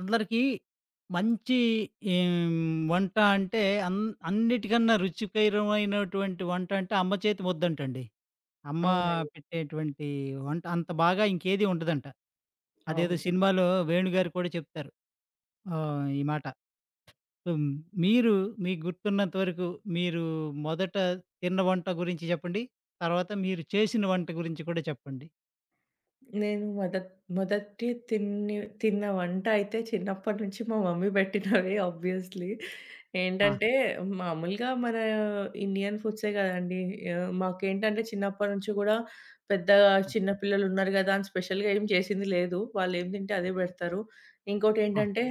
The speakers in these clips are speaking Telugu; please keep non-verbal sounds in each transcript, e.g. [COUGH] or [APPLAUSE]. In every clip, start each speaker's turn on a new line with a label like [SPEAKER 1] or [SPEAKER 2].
[SPEAKER 1] అందరికి మంచి ఎ హ్మ్, వంట అంటే అన్ అన్నిటికన్నా రుచికరమైనటువంటి వంట అంటే, అమ్మ చేతి ముద్దంటండి. అమ్మ
[SPEAKER 2] అవునండి.
[SPEAKER 1] పెట్టేటువంటి వంట అంత బాగా ఇంకేది ఉండదంట. అదేదో
[SPEAKER 2] అవును.
[SPEAKER 1] సినిమాలో 'వేణు' గారు కూడా చెప్తారు. ఆహ్, ఈ మాట. హ్మ్, మీరు మీకు గుర్తున్నంత వరకు, మీరు మొదట తిన్న వంట గురించి చెప్పండి. తరువాత మీరు చేసిన వంట గురించి కూడా చెప్పండి.
[SPEAKER 2] నేను మొదట్ మొదటి తిని తిన్న వంటైయితే చిన్నప్పటి నుంచి మా మమ్మీ పెట్టినవే [CHUCKLES] ఆబ్వియస్లీ.
[SPEAKER 1] ఆ!
[SPEAKER 2] ఏంటంటే, మామూలుగా మన ఇండియన్ ఫుడ్సే కదండీ! ఆహ్, మాకేంటంటే చిన్నప్పటి నుంచి కూడా, పెద్ద
[SPEAKER 1] హ్మ్.
[SPEAKER 2] చిన్న పిల్లలున్నారు కదా అని స్పెషల్‌గా ఏమీ చేసింది లేదు. వాళ్లేం తింటే
[SPEAKER 1] హ.
[SPEAKER 2] అదే పెడతారు. ఇంకోటి
[SPEAKER 1] ఆ!
[SPEAKER 2] ఏంటంటే,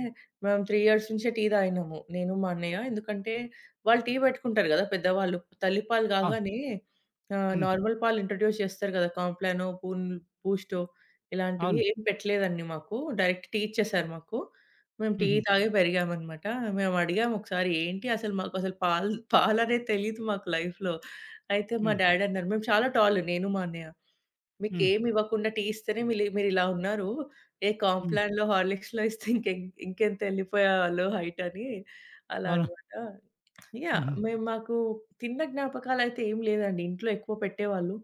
[SPEAKER 2] మేము 3 ఇయర్స్ నుంచే టీ తాగినాము. నేను, మా అన్నయ్య. ఎందుకంటే వాళ్లు టీ పెట్టుకుంటారు కదా పెద్దవాళ్లు. తల్లిపాలు
[SPEAKER 1] అవును.
[SPEAKER 2] కాగానే ఆహ్,
[SPEAKER 1] హ్మ్.
[SPEAKER 2] నార్మల్ పాలు ఇంట్రడ్యూస్ చేస్తారు కదా! కాంప్లానో, బూన్ బూస్టో ఇలాంటివి
[SPEAKER 1] అవును.
[SPEAKER 2] ఏమీ పెట్టలేదండి మాకు. డైరెక్ట్‌ టీ ఇచ్చేసారు మాకు. మేము టీ
[SPEAKER 1] హుహు.
[SPEAKER 2] తాగి పెరిగామన్నమాట. మేమడిగాము ఒకసారి, ఏంటి అసల మాకసలు పాల్ పాలనే తెలియదు మాకు లైఫ్‌లో, అయితే మా
[SPEAKER 1] హ్మ్.
[SPEAKER 2] డ్యాడీ అన్నారు మేము చాలా టాల్ నేను, మా అన్నయ్య.
[SPEAKER 1] హ్మ్.
[SPEAKER 2] "మీకేమీవ్వకుండా టీ ఇస్తేనే మిల్ మీరిలా ఉన్నారు. ఏ
[SPEAKER 1] హ్మ్.
[SPEAKER 2] కాంప్లాన్‌లో, హార్లిక్స్‌లో ఇస్తే [CHUCKLES] ఇంకెంత వెళ్లిపోయేవారో హైట్!" అని అలా
[SPEAKER 1] అవును.
[SPEAKER 2] అన్నమాట. యాహ్!
[SPEAKER 1] హుహు.
[SPEAKER 2] మేము మాకు తిన్న జ్ఞాపకాలైతే ఏమీ లేదండి. ఇంట్లో ఎక్కువ పెట్టేవాళ్లు.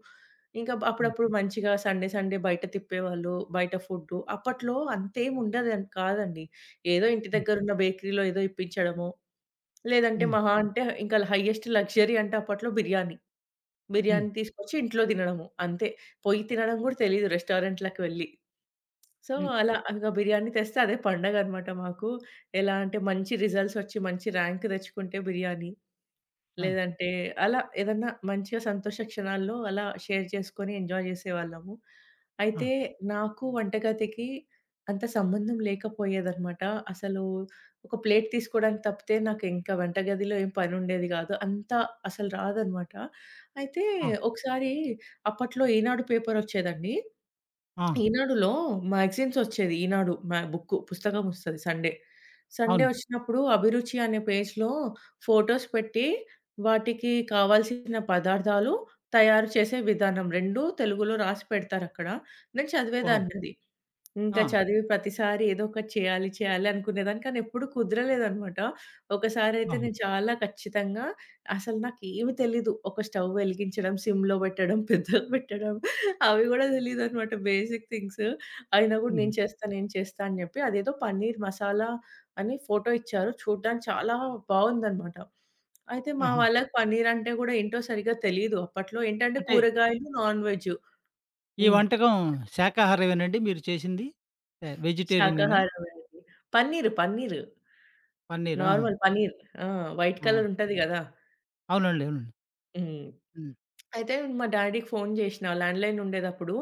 [SPEAKER 2] ఇంకా బ్
[SPEAKER 1] హ్మ్.
[SPEAKER 2] అప్పుడప్పుడు మంచిగా సండే, సండే బయట తిప్పేవాళ్లు. బయట ఫుడ్డు. అప్పట్లో అంతేముండదు అని కాదండి. ఏదో ఇంటి
[SPEAKER 1] హ్మ్.
[SPEAKER 2] దగ్గరున్న బేకరీలో ఏదో ఇప్పించడమో, లేదంటే
[SPEAKER 1] హ్మ్.
[SPEAKER 2] మహా అంటే ఇంకా హయ్యెస్ట్ లగ్జరీ అంటే అప్పట్లో బిర్యానీ.
[SPEAKER 1] హ్మ్.
[SPEAKER 2] బిర్యానీ తీసుకొచ్చి ఇంట్లో తినడము. అంతే. పోయి తినడం కూడా తెలీదు రెస్టారెంట్లకి వెళ్లి. సో,
[SPEAKER 1] హ్మ్.
[SPEAKER 2] అలా అలాగా బిర్యానీ తెస్తే అదే పండగన్నమాట మాకు. ఎలా అంటే, మంచి రిజల్ట్సొచ్చి మంచి ర్యాంక్ తెచ్చుకుంటే బిర్యానీ.
[SPEAKER 1] ఆ!
[SPEAKER 2] లేదంటే అలా ఏదన్నా మంచి సంతోష క్షణాల్లో అలా షేర్ చేసుకొని, ఎంజాయ్ చేసేవాళ్లము.
[SPEAKER 1] ఆ!
[SPEAKER 2] అయితే, నాకు వంటగదికి అంత సంబంధం లేకపోయేదన్నమాట. అసలు ఒక ప్లేట్ తీసుకోవడానికి తప్పితే, నాకు ఇంకా వంటగదిలో ఏం పని ఉండేది కాదు. అంత అసలు రాదన్నమాట. అయితే
[SPEAKER 1] ఆ!
[SPEAKER 2] ఒకసారి అప్పట్లో ఈనాడు పేపరొచ్చేది అండి.
[SPEAKER 1] ఆ!
[SPEAKER 2] ఈనాడులో మాగజైన్సొచ్చేది. ఈనాడు బుక్కు. పుస్తకమొస్తది సండే. సండే
[SPEAKER 1] అవును.
[SPEAKER 2] వచ్చినప్పుడు. అభిరుచి అనే పేజ్‌లో, ఫొటోస్ పెట్టి వాటికి కావాల్సిన పదార్థాలు, తయారు చేసే విధానం 2 తెలుగులో రాసి పెడతారక్కడ. నేను
[SPEAKER 1] ఓహో!
[SPEAKER 2] చదివేదాన్నది. ఇంకా
[SPEAKER 1] ఆ!
[SPEAKER 2] చదివి ప్రతిసారి ఏదో ఒకటి చేయాలి, చేయాలి అనుకునేదాన్ని. కానెప్పుడూ కుదరలేదనమాట. ఒకసారి అయితే,
[SPEAKER 1] అవును.
[SPEAKER 2] నేను చాలా ఖచ్చితంగా అసలు నాకేమీ తెలీదు, ఒక స్టవ్ వెలిగించడం, సిమ్‌లో పెట్టడం, [CHUCKLES] పెద్దగా పెట్టడం అవి కూడా తెలీదన్నమాట. Basic things. అయినా కూడా, నేను
[SPEAKER 1] హుహు.
[SPEAKER 2] చేస్తా, నేను చేస్తా అని చెప్పి అదేదో పనీర్ మసాలా అని ఫొటో ఇచ్చారు. చూడడానికి చాలా బాగుందనమాట. అయితే మా
[SPEAKER 1] ఆహా!
[SPEAKER 2] వాళ్లకి పనీరంటే కూడా ఏంటో సరిగ్గా తెలియదు. అప్పట్లో ఏంటంటే
[SPEAKER 1] అంటే
[SPEAKER 2] కూరగాయలు, నాన్ వెజ్జు.
[SPEAKER 1] ఈ
[SPEAKER 2] హ్మ్.
[SPEAKER 1] వంటకం శాఖాహారమేనండి? మీరు చేసింది ఆహ్, వెజిటేరియనేనా?
[SPEAKER 2] శాకాహారమే అండి. పన్నీరు, పన్నీరు.
[SPEAKER 1] పనీర్. ఆహా!
[SPEAKER 2] నార్మల్ పన్నీర్. ఆ! వైట్
[SPEAKER 1] ఆ!
[SPEAKER 2] కలరుంటది కదా!
[SPEAKER 1] అవునండి, అవునండి.
[SPEAKER 2] హ్మ్.
[SPEAKER 1] హ్మ్.
[SPEAKER 2] అయితే మా డ్యాడీకి ఫోను చేసినా ల్యాండ్ లైనుండేటప్పుడు.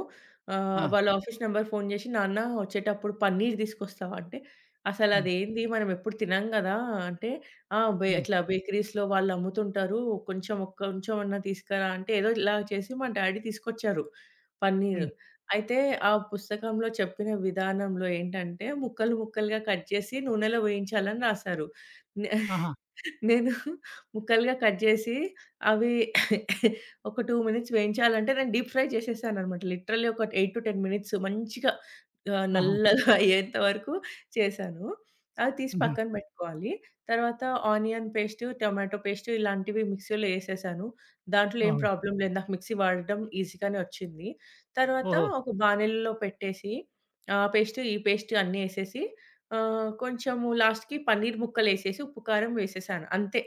[SPEAKER 2] ఆహ్,
[SPEAKER 1] ఆ!
[SPEAKER 2] వాళ్ల ఆఫీసు నంబర్‌కి ఫోను చేసి, నాన్న, వచ్చేటప్పుడు పనీర్ తీసుకొస్తావా, అంటే, "అసలు
[SPEAKER 1] హ్మ్.
[SPEAKER 2] అది ఏంది, మనం ఎప్పుడు తినము కదా!" అంటే, ఆ! బే
[SPEAKER 1] హ్మ్.
[SPEAKER 2] అట్లా బేకరీస్‌లో వాళ్లమ్ముతుంటారు. కొంచెం, ఒక కొంచెం అన్న తీసుకురా అంటే, ఏదో ఇలా చేసి మ డ్యాడీ తీసుకొచ్చారు పన్నీరు.
[SPEAKER 1] హ్మ్.
[SPEAKER 2] అయితే ఆ పుస్తకంలో చెప్పిన విధానంలో ఏంటంటే, ముక్కలు, ముక్కలుగా కట్ చేసి నూనెలో వేయించాలి అని రాశారు. నే
[SPEAKER 1] ఆహా!
[SPEAKER 2] [CHUCKLES] నేను ముక్కలుగా కట్ చేసి, అవి [COUGHS] 2 మినిట్స్ వేయించాలి అంటే, నేను డీప్ ఫ్రై చేసేసానన్నమాట. లిటరల్లీ ఒక 8-10 మినిట్స్ మంచిగా ఆహ్,
[SPEAKER 1] ఆహా!
[SPEAKER 2] నల్లగా అయ్యేంత వరకు చేశాను. అది తీసి
[SPEAKER 1] హుహు.
[SPEAKER 2] పక్కన పెట్టుకోవాలి. తర్వాత ఆనియన్ పేస్టు, టొమాటో పేస్టు ఇలాంటివి మిక్సీలో వేసేశాను. దాంట్లో ఏం
[SPEAKER 1] ఓహో!
[SPEAKER 2] ప్రాబ్లమ్ లేదు. నాకు మిక్సీ వాడడం ఈజీగానే వచ్చింది. తర్వాత
[SPEAKER 1] ఓహో!
[SPEAKER 2] ఒక బానలిలో పెట్టేసి, ఆ పేస్టు, ఈ పేస్టు అన్నేసేసి, ఆహ్, కొంచెం లాస్ట్‌కి పనీర్ ముక్కలేసేసి ఉప్పు, కారం వేసేశాను. అంతే.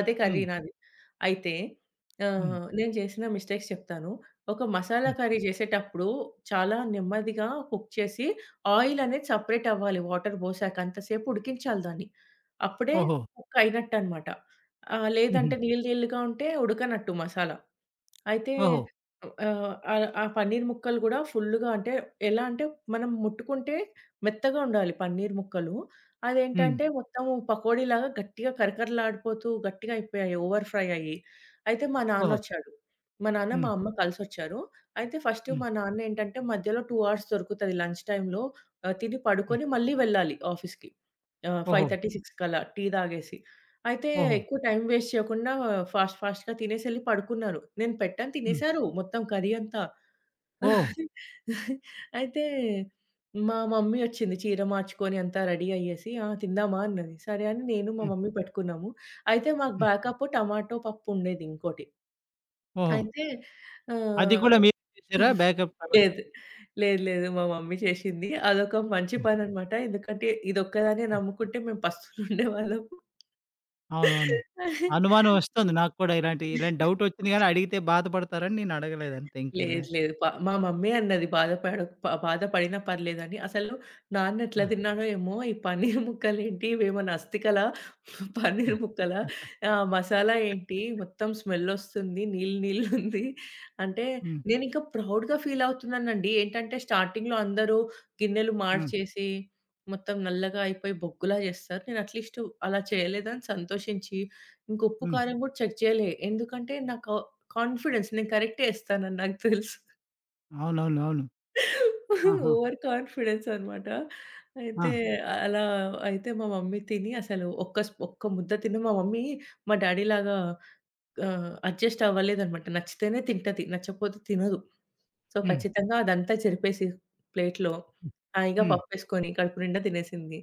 [SPEAKER 2] అదే కర్రీ
[SPEAKER 1] హ్మ్.
[SPEAKER 2] నాది. అయితే
[SPEAKER 1] హ్మ్.
[SPEAKER 2] ఆహ్, నేను చేసిన మిస్టేక్స్ చెప్తాను. ఒక మసాలా
[SPEAKER 1] హ్మ్.
[SPEAKER 2] కర్రీ చేసేటప్పుడు చాలా నెమ్మదిగా కుక్ చేసి ఆయిలనేది సెపరేటవ్వాలి. వాటర్ పోసాక అంత సేపు ఉడికించాలి దాన్ని. అప్పుడే
[SPEAKER 1] ఓహో!
[SPEAKER 2] కుక్ అయినట్టన్నమాట. ఆహ్,
[SPEAKER 1] హుహు.
[SPEAKER 2] లేదంటే నీళ్లు, నీళ్లుగా ఉంటే ఉడకనట్టు మసాలా. అయితే
[SPEAKER 1] ఓహో!
[SPEAKER 2] ఆహ్, ఆ ఆ పనీర్ ముక్కలు కూడా ఫుల్‌గా అంటే ఎలా అంటే, మనం ముట్టుకుంటే మెత్తగా ఉండాలి పనీర్ ముక్కలు.
[SPEAKER 1] హ్మ్.
[SPEAKER 2] అదేంటంటే మొత్తం పకోడీలాగా గట్టిగా కరకరలాడిపోతూ గట్టిగా అయిపోయాయి. ఓవర్ ఫ్రైయయ్యి. అయితే మా
[SPEAKER 1] ఓహో!
[SPEAKER 2] నాన్నొచ్చాడు. మా నాన్న, మా
[SPEAKER 1] హ్మ్.
[SPEAKER 2] అమ్మ కలిసొచ్చారు. అయితే ఫస్టు
[SPEAKER 1] హ్మ్.
[SPEAKER 2] మా నాన్నేంటంటే, మధ్యలో 2 అవర్స్ దొరుకుతుంది లంచ్ టైమ్‌లో. ఆహ్, తిని,
[SPEAKER 1] హ్మ్.
[SPEAKER 2] పడుకొని మళ్లీ వెళ్లాలి ఆఫీసుకి, ఫైవ్
[SPEAKER 1] ఓహో!
[SPEAKER 2] థర్టీ, సిక్స్‌కి అలా టీ తాగేసి. అయితే
[SPEAKER 1] ఓహో!
[SPEAKER 2] ఎక్కువ టైమ్ వేస్ట్ చేయకుండా, ఫాస్ట్ ఫాస్ట్‌గా తినేసెళ్లి పడుకున్నారు. నేను పెట్టాను.
[SPEAKER 1] హ్మ్.
[SPEAKER 2] తినేసారు మొత్తం కర్రీ అంతా.
[SPEAKER 1] ఓహ్!
[SPEAKER 2] [CHUCKLES] అయితే మా మమ్మీ వచ్చింది. చీర మార్చుకొని, అంతా రెడీ అయ్యేసి, "తిందామా?" అన్నది. సరే అని నేను, మా
[SPEAKER 1] హ్మ్.
[SPEAKER 2] మమ్మీ పట్టుకున్నాము. అయితే మాకు
[SPEAKER 1] హ్మ్.
[SPEAKER 2] బ్యాకప్పు టొమాటో పప్పుండేది. ఇంకోటి.
[SPEAKER 1] ఓహో!
[SPEAKER 2] అయితే
[SPEAKER 1] అది
[SPEAKER 2] ఆహ్
[SPEAKER 1] కూడా మీరు చేసారా?
[SPEAKER 2] [CHUCKLES]
[SPEAKER 1] బ్యాకప్‌లాగా?
[SPEAKER 2] లేదు, లేదు, లేదు. మా మమ్మీ చేసింది అదొక మంచి
[SPEAKER 1] హ్మ్.
[SPEAKER 2] పనన్నమాట. ఎందుకంటే, ఇది ఒక్కదాన్నే
[SPEAKER 1] హ్మ్.
[SPEAKER 2] నమ్ముకుంటే మేము పస్తులుండేవాళ్ళము.
[SPEAKER 1] అవును. అవును. అనుమానం
[SPEAKER 2] [CHUCKLES]
[SPEAKER 1] వస్తుంది. నాకు కూడా ఇలాంటి, ఇలాంటి డౌటొచ్చింది. కానీ
[SPEAKER 2] [GIGGLES]
[SPEAKER 1] అడిగితే బాధపడతారు అని నేను అడగలేదు. అంతే. ఇంకేం లే.
[SPEAKER 2] లేదు, లేదు. ప మా మమ్మీ అన్నది, "బాధ పడక్ ప బాధ పడినా పర్లేదు" అని. అసలు నాన్న ఎట్లా
[SPEAKER 1] ఆ!
[SPEAKER 2] తిన్నాడో ఏమో! "ఈ పనీర్ ముక్కలు ఏంటి, ఇవేమనా అస్తికలా,
[SPEAKER 1] ఆ!
[SPEAKER 2] పనీర్ ముక్కలా
[SPEAKER 1] [CHUCKLES]
[SPEAKER 2] ఆహ్, మసాలా ఏంటి,
[SPEAKER 1] [CHUCKLES]
[SPEAKER 2] మొత్తం స్మెల్లొస్తుంది. నీళ్లు, నీళ్లుంది" అంటే,
[SPEAKER 1] హ్మ్.
[SPEAKER 2] నేను ఇంకా ప్రౌడ్‌గా ఫీల్ అవుతున్నాను అండి. ఏంటంటే, స్టార్టింగ్‌లో అందరూ గిన్నెలు
[SPEAKER 1] హ్మ్.
[SPEAKER 2] మార్చేసి, మొత్తం నల్లగా అయిపోయి బొగ్గులా చేస్తారు. నేను అట్లీస్టు అలా చేయలేదు అని సంతోషించి ఇంకా ఉప్పు,
[SPEAKER 1] హ్మ్.
[SPEAKER 2] కారం కూడా చెక్ చేయలే. ఎందుకంటే నాకు కాన్ఫిడెన్స్. నేను కరెక్టే ఏస్తానని నాకు తెలుసు.
[SPEAKER 1] అవునవును.
[SPEAKER 2] [GIGGLES]
[SPEAKER 1] అవును. ఆహ!
[SPEAKER 2] ఓవర్ కాన్ఫిడెన్స్ అన్నమాట అయితే
[SPEAKER 1] ఆ!
[SPEAKER 2] అలా అయితే మా మమ్మీ తిని అసలు ఒక్క స్ ఒక్క ముద్ద తిని మా మమ్మీ మా డ్యాడీ లాగా ఆహ్, అడ్జస్ట్ అవ్వలేదన్నమాట. నచ్చితేనే తింటది. నచ్చకపోతే తినదు. సో
[SPEAKER 1] హ్మ్.
[SPEAKER 2] ఖచ్చితంగా అదంతా చెరిపేసి ప్లేట్‌లో
[SPEAKER 1] హ్మ్
[SPEAKER 2] హాయిగా
[SPEAKER 1] హ్మ్.
[SPEAKER 2] పప్పేసుకొని, కడుపు నిండా తినేసింది.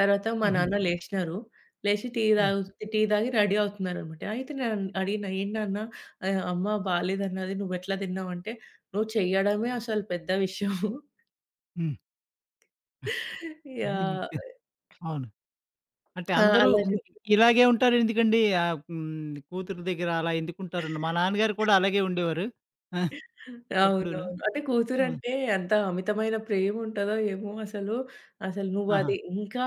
[SPEAKER 2] తరవాత మా
[SPEAKER 1] హుహు.
[SPEAKER 2] నాన్న లేచినారు. లేచి టీ
[SPEAKER 1] హ్మ్.
[SPEAKER 2] తగు టీ తాగి రడీ అవుతున్నారన్నమాట. అయితే నేనం అడిగిన "ఏంటి నాన్న ఆహ్, అమ్మ బాలేదన్నది. నువ్వేట్లా దిన్నావు" అంటే "నువ్వు చెయ్యడమే అసలు పెద్ద విషయం." [CHUCKLES]
[SPEAKER 1] హ్మ్.
[SPEAKER 2] యాహ్!
[SPEAKER 1] [UNINTELLIGIBLE] అవును. అంటే
[SPEAKER 2] ఆ!
[SPEAKER 1] అందరూ
[SPEAKER 2] అలా చె
[SPEAKER 1] అంటే ఇలాగే ఉంటారెందుకండి? ఆహ్, హ్మ్. కూతురు దెగ్గర అలా ఎందుకుంటారండి? మా నాన్నగారు కూడా అలాగే ఉండేవారు. [GIGGLES] ఎప్పుడను
[SPEAKER 2] అవునవును. అంటే
[SPEAKER 1] ఆ!
[SPEAKER 2] కూతురంటే ఎంత అమితమైన ప్రేముంటదో ఏమో అసలు, "అసలు నువ్వు అది
[SPEAKER 1] ఆహా!
[SPEAKER 2] ఇంకా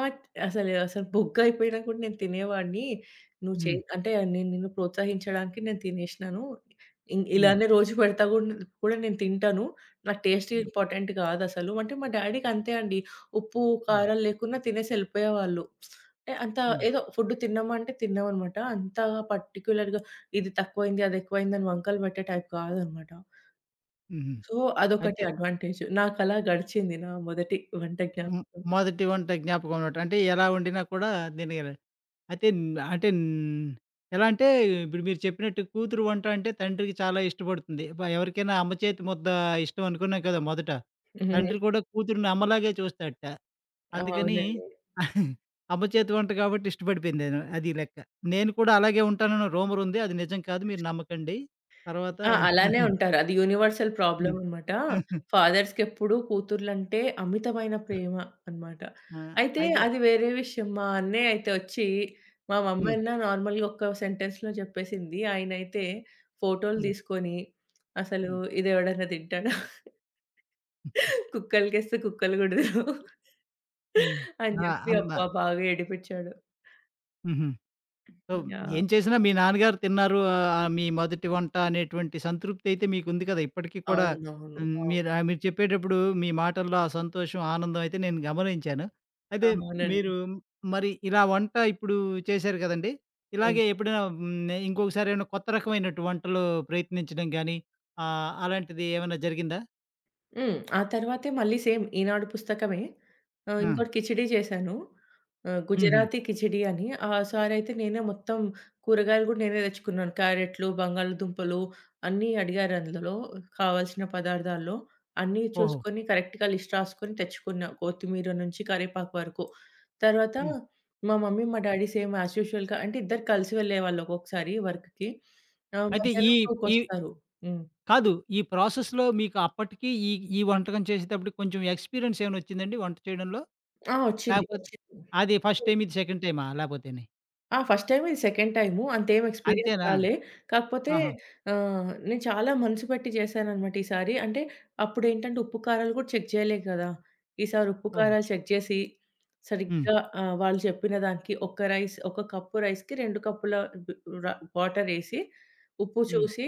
[SPEAKER 2] అసలు అసలు బొగ్గయిపోయినా కూడా నేను తినేవాణ్ణి. నువ్వు చె
[SPEAKER 1] హ్మ్.
[SPEAKER 2] అంటే నేను నిన్ను ప్రోత్సహించడానికి నేను తినేశినాను. ఇన్
[SPEAKER 1] హ్మ్.
[SPEAKER 2] ఇలానే రోజు పెడతా గూ గూడ నేను తింటాను నాకు టేస్ట్
[SPEAKER 1] హ్మ్.
[SPEAKER 2] ఇంపార్టెంట్ గాదసలు." అంటే మా డ్యాడీ‌కంతే అండి. ఉప్పు,
[SPEAKER 1] హ్మ్.
[SPEAKER 2] కారం లేకున్నా తినేసి ఎళ్ళిపోయేవాళ్ళు. [SMACKS LIPS] అంత
[SPEAKER 1] హ్మ్.
[SPEAKER 2] ఏదో ఫుడ్ తిన్నామా అంటే తిన్నాం అన్నమాట. అంత పర్టిక్యులర్‌గా ఇది తక్కువయింది, అదెక్కువయింది అని వంకలు పెట్టే టైప్ గాదన్నమాట.
[SPEAKER 1] హుహు.
[SPEAKER 2] సో అదొకటి
[SPEAKER 1] అయితే
[SPEAKER 2] అడ్వాంటేజ్. నాకలా గడిచింది, నా మొదటి వంట
[SPEAKER 1] హ్మ్.
[SPEAKER 2] జ్ఞాపకం.
[SPEAKER 1] మొదటి వంట జ్ఞాపకం అన్నమాట. అంటే ఎలా వండినా కూడా, తినగల అయితే న్ అంటే న్ ఎలా అంటే ఇప్పుడు మీరు చెప్పినట్టు కూతురు వంట అంటే తండ్రికి చాలా ఇష్టపడుతుంది. ప ఎవరికైనా అమ్మ చేతి ముద్ద ఇష్టం అనుకున్నాం కదా! మొదట. తండ్రి
[SPEAKER 2] హుహుహు.
[SPEAKER 1] కూడా కూతురుని అమ్మలాగే చూస్తాడట. అందుకని
[SPEAKER 2] అవునండి.
[SPEAKER 1] [GIGGLES] అమ్మ చేతి వంట కాబట్టి, ఇష్టపడిపోయింది నేను, అది లెక్క నేను కూడా అలాగే ఉంటానని రూమర్ ఉంది. అది నిజం కాదు. మీరు నమ్మకండి. తర్వాత
[SPEAKER 2] ఆ! అలానే
[SPEAKER 1] [CHUCKLES]
[SPEAKER 2] ఉంటారు. అది యూనివర్సల్
[SPEAKER 1] హ్మ్.
[SPEAKER 2] ప్రాబ్లమన్నమాట.
[SPEAKER 1] [CHUCKLES]
[SPEAKER 2] ఫాదర్స్‌కెప్పుడు కూతురలంటే, అమితమైన ప్రేమ అన్నమాట.
[SPEAKER 1] ఆ!
[SPEAKER 2] అయితే
[SPEAKER 1] అయితే
[SPEAKER 2] అది వేరే విషయం, మా అన్నయ్య అయితే ఒచ్చి మా మమ్మీ
[SPEAKER 1] హ్మ్.
[SPEAKER 2] అన్న నార్మల్‌గా ఒక సెంటెన్స్‌లో జెప్పేసింది. ఆయన అయితే ఫోటో‌లు
[SPEAKER 1] హ్మ్.
[SPEAKER 2] దీసుకొని, అసలు
[SPEAKER 1] హ్మ్.
[SPEAKER 2] "ఇది ఎవడన్నా తింటాడా?"
[SPEAKER 1] [GIGGLES]
[SPEAKER 2] [CHUCKLES] కుక్కలుకెస్తే కుక్కలు కూడ దినవు.
[SPEAKER 1] హ్మ్.
[SPEAKER 2] అని
[SPEAKER 1] ఆ!
[SPEAKER 2] చెప్పి
[SPEAKER 1] అమ్మ.
[SPEAKER 2] అబ్బా బాగా ఏడిపిచ్చాడు.
[SPEAKER 1] హుహు. So,
[SPEAKER 2] yeah!
[SPEAKER 1] ఏం చేసినా మీ నాన్నగారు తిన్నారు. మీ మొదటి వంట అనేటువంటి సంతృప్తి అయితే మీకు ఉంది కదా! ఇప్పటికీ కూడా
[SPEAKER 2] అవునవును.
[SPEAKER 1] హ్మ్,
[SPEAKER 2] అవును.
[SPEAKER 1] మీరా మీరు చెప్పేటప్పుడు మీ మాటల్లో ఆ సంతోషం, ఆనందం అయితే నేను గమనించాను. అదే,
[SPEAKER 2] అవునండి.
[SPEAKER 1] మీరు మరి ఇలా వంట ఇప్పుడు చేశారు కదండీ!
[SPEAKER 2] హ్మ్.
[SPEAKER 1] ఇలాగే ఎప్పుడైనా నే ఇంకొకసారి ఏమైనా కొత్త రకమైనటు వంటలు ప్రయత్నించడం గానీ, ఆహ్, అలాంటిది ఏమైనా జరిగిందా?
[SPEAKER 2] హ్మ్. ఆ తర్వాతే మళ్లీ సేమ్ ఈనాడు పుస్తకమే. ఆహ్,
[SPEAKER 1] హ్మ్.
[SPEAKER 2] ఇంకోటి కిచిడీ చేశాను. ఆహ్,
[SPEAKER 1] హుహు.
[SPEAKER 2] గుజరాతీ కిచిడీ అని. ఆసారి అయితే నేనే మొత్తం కూరగాయలు కూడా నేనే తెచ్చుకున్నాను. క్యారెట్లు, బంగాళాదుంపలు అన్నీ అడిగారు. అందులో కావాల్సిన పదార్థాల్లో అన్నీ
[SPEAKER 1] ఓహో!
[SPEAKER 2] చూసుకొని, కరెక్ట్‌గా లిస్ట్ రాసుకొని తెచ్చుకున్నా. కొత్తిమీర నుంచి కరివేపాకు వరకు. తర్వాత
[SPEAKER 1] హ్మ్.
[SPEAKER 2] మా మమ్మీ, మా డ్యాడీ సేమ్ యాజ్ యూజువల్‌గా అంటే ఇద్దరూ కలిసి వెళ్లేవాళ్లు. ఒక్కోసారి వర్క్‌కి ఆహ్,
[SPEAKER 1] అయితే ఈ
[SPEAKER 2] మధ్యాహ్నం 2కి
[SPEAKER 1] ఈ
[SPEAKER 2] వస్తారు. హ్మ్.
[SPEAKER 1] కాదు, ఈ ప్రాసెస్‌లో మీకు అప్పటికి ఈ ఈ వంటకం చేసేటప్పటికి కొంచెం ఎక్స్‌పీరియన్స్ ఏమైనా వచ్చిందా అండి వంట చేయడంలో?
[SPEAKER 2] ఆ! వచ్చింది,
[SPEAKER 1] లేకపోతే
[SPEAKER 2] వచ్చింది.
[SPEAKER 1] అది ఫస్ట్ టైమ్ ఇది సెకండ్ టైమా? లేకపోతేని?
[SPEAKER 2] ఆ! ఫస్ట్ టైమ్ ఇది సెకండ్ టైము అంత ఏమి ఎక్స్పీరియన్స్
[SPEAKER 1] అంతేనా?
[SPEAKER 2] రాలే. కాకపోతే
[SPEAKER 1] ఆహా!
[SPEAKER 2] ఆహ్, నేను చాలా మనసు పెట్టి చేశానన్నమాట ఈసారి. అంటే అప్పుడు ఏంటంటే ఉప్పు, కారాలు కూడా చెక్ చేయలేదు కదా! ఈసారి ఉప్పు,
[SPEAKER 1] ఓహ్!
[SPEAKER 2] కారాలు చెక్ చేసి
[SPEAKER 1] హ్మ్.
[SPEAKER 2] సరిగ్గా ఆహ్, వాళ్లు చెప్పిన దానికి ఒక రైస్, ఒక కప్ రైస్‌కి 2 కప్పుల డు రా వాటరేసి ఉప్పు
[SPEAKER 1] హ్మ్.
[SPEAKER 2] చూసి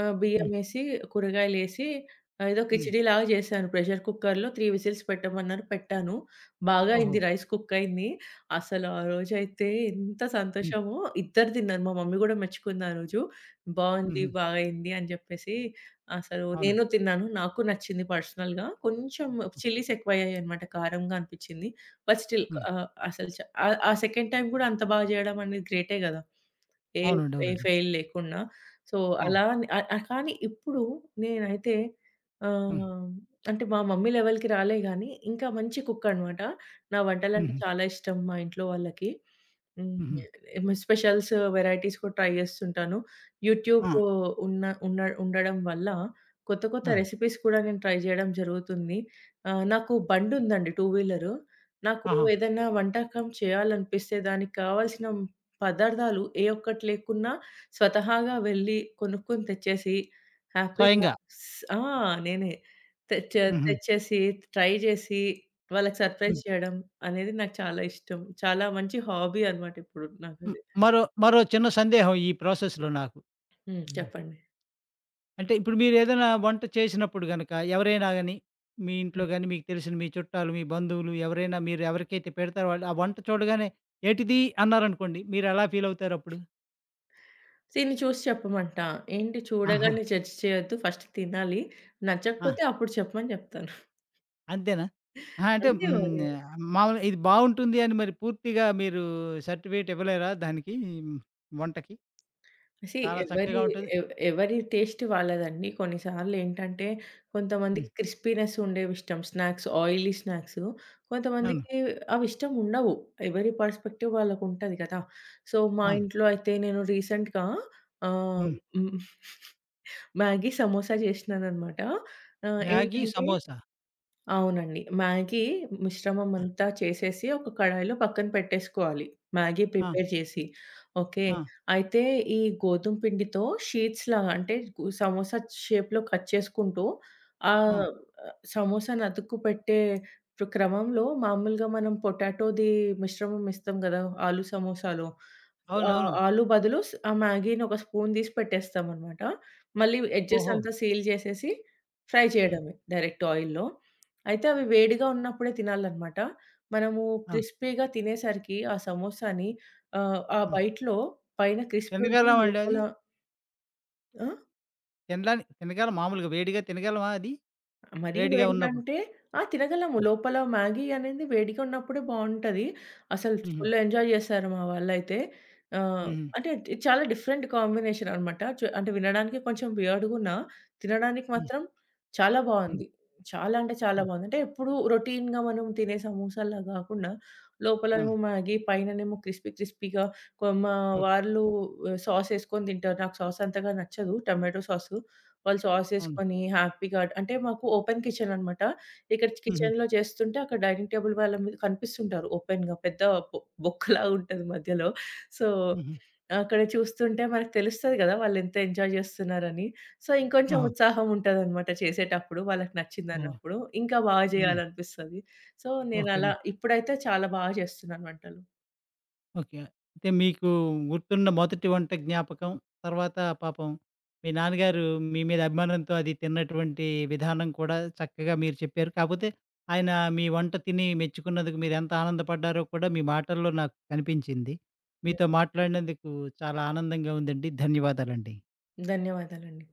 [SPEAKER 2] ఆహ్,
[SPEAKER 1] హ్మ్.
[SPEAKER 2] బియ్యమేసి కూరగాయలేసి ఏదో
[SPEAKER 1] హ్మ్.
[SPEAKER 2] కిచిడీ లాగా చేశాను. ప్రెషర్ కుక్కర్‌లో 3 విసిల్స్ పెట్టమన్నారు, పెట్టాను. బాగా
[SPEAKER 1] ఓహో!
[SPEAKER 2] అయింది. రైస్ కుక్ అయింది. అసలు ఆరోజు అయితే ఎంత
[SPEAKER 1] హ్మ్.
[SPEAKER 2] సంతోషమో! ఇద్దరూ తిన్నారు. మా మమ్మీ కూడా మెచ్చుకుంది ఆరోజు. బాగుంది,
[SPEAKER 1] హుహు.
[SPEAKER 2] బా అయింది అని చెప్పేసి. అసలు
[SPEAKER 1] అవునండి.
[SPEAKER 2] నేను తిన్నాను. నాకు నచ్చింది. పర్సనల్‌గా కొంచెం చిల్లీస్ ఎక్కువ అయ్యాయన్నమాట. కారంగా అనిపించింది. బట్ స్టిల్
[SPEAKER 1] హ్మ్.
[SPEAKER 2] ఆహ్, అసలు చా ఆ ఆ సెకండ్ టైమ్ కూడా అంత బాగా చేయడం అనేది గ్రేటే కదా! ఏ
[SPEAKER 1] అవునండి,
[SPEAKER 2] ఏ
[SPEAKER 1] అవునండి.
[SPEAKER 2] ఫెయిల్ లేకుండా. సో,
[SPEAKER 1] ఆ!
[SPEAKER 2] అలాని ఆ ఆ కానీ ఇప్పుడు నేనైతే
[SPEAKER 1] హ్మ్.
[SPEAKER 2] ఆహ్, అంటే మా మమ్మీ లెవెల్‌కి రాలే గానీ ఇంకా మంచి కుక్ అన్నమాట. నా వంటలంటే
[SPEAKER 1] హుహు.
[SPEAKER 2] చాలా ఇష్టం మా ఇంట్లో వాళ్లకి. హ్మ్
[SPEAKER 1] హుహు.
[SPEAKER 2] ఎమ్ స్పెషల్స్, వెరైటీస్ కూడా ట్రై చేస్తుంటాను. యూట్యూబ్
[SPEAKER 1] ఆ!
[SPEAKER 2] ఉన్న ఉన్న ఉండడం వల్ల కొత్త కొత్త
[SPEAKER 1] ఆ!
[SPEAKER 2] రెసిపీస్ కూడా నేను ట్రై చేయడం జరుగుతుంది. ఆహ్, నాకు బండి ఉందండి, టూ వీలర్. నాకు
[SPEAKER 1] ఆహా!
[SPEAKER 2] ఏదైనా వంటకం చేయాలనిపిస్తే దానికి కావాల్సిన పదార్థాలు ఏ ఒక్కటి లేకున్నా స్వతహాగా వెళ్లి కొనుక్కొని తెచ్చేసి హ్యాపీగా
[SPEAKER 1] స్వయంగా
[SPEAKER 2] స్ ఆ! నేనే తేచా
[SPEAKER 1] హుహు.
[SPEAKER 2] తెచ్చేసి ట్రై చేసి వాళ్లకి సర్‌ప్రైజ్
[SPEAKER 1] హ్మ్.
[SPEAKER 2] చేయడం అనేది నాకు చాలా ఇష్టం. చాలా మంచి హాబీ అన్నమాట ఇప్పుడు
[SPEAKER 1] హ్మ్,
[SPEAKER 2] నాకది.
[SPEAKER 1] మరో మరో చిన్న సందేహం ఈ ప్రాసెస్‌లో నాకు.
[SPEAKER 2] హ్మ్,
[SPEAKER 1] హ్మ్.
[SPEAKER 2] చెప్పండి.
[SPEAKER 1] అంటే ఇప్పుడు మీరేదైనా వంట చేసినప్పుడు గనుక ఎవరైనా గానీ, మీ ఇంట్లో
[SPEAKER 2] హ్మ్.
[SPEAKER 1] గానీ, మీకు తెలిసిన మీ చుట్టాలు, మీ బంధువులు ఎవరైనా మీరెవరికైతే పెడతారో, వాళ్లు ఆ వంట చూడగానే ఏంటిది అన్నారనుకోండి, మీరెలా ఫీల్ అవుతారప్పుడు?
[SPEAKER 2] తిని చూసి చెప్పమంట. "ఏంటి?
[SPEAKER 1] ఆహా!
[SPEAKER 2] చూడగానే జడ్జ్ చేయొద్దు. ఫస్ట్ తినాలి.
[SPEAKER 1] ఆ!
[SPEAKER 2] నచ్చకపోతే అప్పుడు చెప్పు" అని చెప్తాను.
[SPEAKER 1] అంతేనా? అహ! అంటే
[SPEAKER 2] అంతే
[SPEAKER 1] హ్మ్,
[SPEAKER 2] మరి!
[SPEAKER 1] ఆహ్, మామూలుగా ఇది బాగుంటుంది అని మరి పూర్తిగా మీరు సర్టిఫికేట్ ఇవ్వలేరా దానికి, హ్మ్. వంటకి?
[SPEAKER 2] సీ
[SPEAKER 1] చాలా
[SPEAKER 2] ఎవరి
[SPEAKER 1] చక్కగా ఉంటది
[SPEAKER 2] ఎ ఎవరి టేస్ట్ వాళ్లదండి. కొన్ని సార్లు ఏంటంటే,
[SPEAKER 1] హ్మ్.
[SPEAKER 2] కొంతమందికి క్రిస్పీనెస్ ఉండేవిష్టం. స్నాక్స్, ఆయిలీ స్నాక్సు,
[SPEAKER 1] అవును.
[SPEAKER 2] కొంతమందికి అవి ఇష్టం ఉండవు. ఎవరి పెర్స్పెక్టివ్ వాళ్లకుంటది కదా! సో, మా
[SPEAKER 1] ఆ!
[SPEAKER 2] ఇంట్లో అయితే నేను రీసెంట్‌గా ఆహ్,
[SPEAKER 1] హ్మ్.
[SPEAKER 2] [CHUCKLES] మ్యాగీ సమోసా చేసినానన్నమాట. ఆహ్,
[SPEAKER 1] మ్యాగీ
[SPEAKER 2] ఏంటంటే
[SPEAKER 1] సమోసా?
[SPEAKER 2] అవునండి, మ్యాగీ మిశ్రమం
[SPEAKER 1] ఆ!
[SPEAKER 2] అంతా చేసేసి ఒక కడాయిలో పక్కన పెట్టేసుకోవాలి. మ్యాగీ
[SPEAKER 1] ఆ!
[SPEAKER 2] ప్రిపేర్ చేసి, ఓకే.
[SPEAKER 1] ఆ!
[SPEAKER 2] అయితే ఈ గోధుమ పిండితో షీట్స్ లాగా, అంటే సమోసా షేప్‌లో కట్ చేసుకుంటూ
[SPEAKER 1] హ్మ్.
[SPEAKER 2] ఆహ్, సమోసాను అతుక్కుపెట్టే క్రమంలో మామూలుగా మనం పొటాటోది మిశ్రమం ఎస్తాం కదా, ఆలు సమోసాలో. ఆ
[SPEAKER 1] అవునవును.
[SPEAKER 2] ఆలు బదులు స్ ఆ మ్యాగీని ఒక స్పూన్ తీసి పెట్టేస్తాం అన్నమాట. మళ్లీ ఎడ్జెస్
[SPEAKER 1] ఓహో!
[SPEAKER 2] అంతా సీల్ చేసేసి, ఫ్రై
[SPEAKER 1] హ్మ్.
[SPEAKER 2] చేయడమే డైరెక్ట్ ఆయిల్‌లో. అయితే అవి వేడిగా ఉన్నప్పుడే తినాలి అన్నమాట. మనము
[SPEAKER 1] ఆ!
[SPEAKER 2] క్రిస్పీగా తినేసరికి ఆ సమోసాని ఆహ్, ఆ
[SPEAKER 1] హ్మ్.
[SPEAKER 2] బైట్‌లో పైన క్రిస్పీ ఉంటుంది,
[SPEAKER 1] ఎందుకలమండి
[SPEAKER 2] లోపల
[SPEAKER 1] అది?
[SPEAKER 2] ఆ!
[SPEAKER 1] తినలని, తినగలం మామూలుగా వేడిగా తినగలమా అది?
[SPEAKER 2] మరీ
[SPEAKER 1] వేడిగా
[SPEAKER 2] వేడిగా
[SPEAKER 1] ఉన్నప్పుడు?
[SPEAKER 2] అంటే ఆ! తినగలము.
[SPEAKER 1] హ్మ్.
[SPEAKER 2] లోపల మ్యాగీ అనేది వేడిగా ఉన్నప్పుడే బాగుంటది. అసలు
[SPEAKER 1] హుహు.
[SPEAKER 2] ఫుల్ ఎంజాయ్ చేస్తారు మా వాళ్లయితే. ఆహ్,
[SPEAKER 1] ఊహు.
[SPEAKER 2] అంటే చాలా డిఫరెంట్ కాంబినేషన్ అన్నమాట. చు అంటే వినడానికి కొంచెం వియర్డ్‌గున్న తినడానికి
[SPEAKER 1] హ్మ్.
[SPEAKER 2] మాత్రం చాలా
[SPEAKER 1] హ్మ్.
[SPEAKER 2] బాగుంది. చాలా అంటే చాలా
[SPEAKER 1] హ్మ్.
[SPEAKER 2] బాగుంది. అంటే ఎప్పుడూ రొటీన్‌గా మనం తినే సమోసాల్లా గాకుండా, లోపలేమో
[SPEAKER 1] హ్మ్.
[SPEAKER 2] మ్యాగీ పైన నేమో క్రిస్పీ క్రిస్పీగా న్ కొ మా వాళ్లు
[SPEAKER 1] ఓకేకే.
[SPEAKER 2] వా సాస్ యెసుకొని తింటారు. నాకు సాస్ అంతగా నచ్చదు. టొమాటో సాస్ వాళ్లు సాస్
[SPEAKER 1] అవును.
[SPEAKER 2] యెసుకొని హ్యాపీగా అంటే మాకు ఓపెన్ కిచెన్ అన్నమాట. ఇక్కడ
[SPEAKER 1] హుహు.
[SPEAKER 2] కిచెన్‌లో చేస్తుంటే, అక్కడ డైనింగ్ టేబుల్ వాళ్ల మీద కనిపిస్తుంటారు. ఓపెన్‌గా పెద్ద బో బొక్కలాగా ఉంటది మధ్యలో. సో,
[SPEAKER 1] హుహు.
[SPEAKER 2] అక్కడ చూస్తుంటే మనకు తెలుస్తది కదా వాళ్లు ఎంత ఎంజాయ్ చేస్తున్నారని. సో, ఇంకొంచెం
[SPEAKER 1] ఆహా!
[SPEAKER 2] ఉత్సాహం ఉంటదన్నమాట చేసేటప్పుడు. వాళ్లకి నచ్చింది
[SPEAKER 1] ఓహ్!
[SPEAKER 2] అన్నప్పుడు ఇంకా బాగా
[SPEAKER 1] హ్మ్.
[SPEAKER 2] చేయాలనిపిస్తది. సో నేనలా
[SPEAKER 1] ఓకేం.
[SPEAKER 2] ఇప్పుడైతే చాలా బా చేస్తున్నాను వంటలు.
[SPEAKER 1] ఓకే. అంటే మీకు గుర్తున్న మొదటి వంట జ్ఞాపకం తర్వాత, పాపం మీ నాన్నగారు మీ మీద అభిమానంతో అది తిన్నటువంటి విధానం కూడా చక్కగా మీరు చెప్పారు. కాకపోతే ఆయన మీ వంట తిని మెచ్చుకున్నందుకు మీరెంత ఆనందపడ్డారో కూడా మీ మాటల్లో నాకు కనిపించింది. మీతో
[SPEAKER 2] హ్మ్.
[SPEAKER 1] మాట్లాడినందుకు చాలా ఆనందంగా ఉందండి. ధన్యవాదాలండి
[SPEAKER 2] ధన్యవాదాలండి.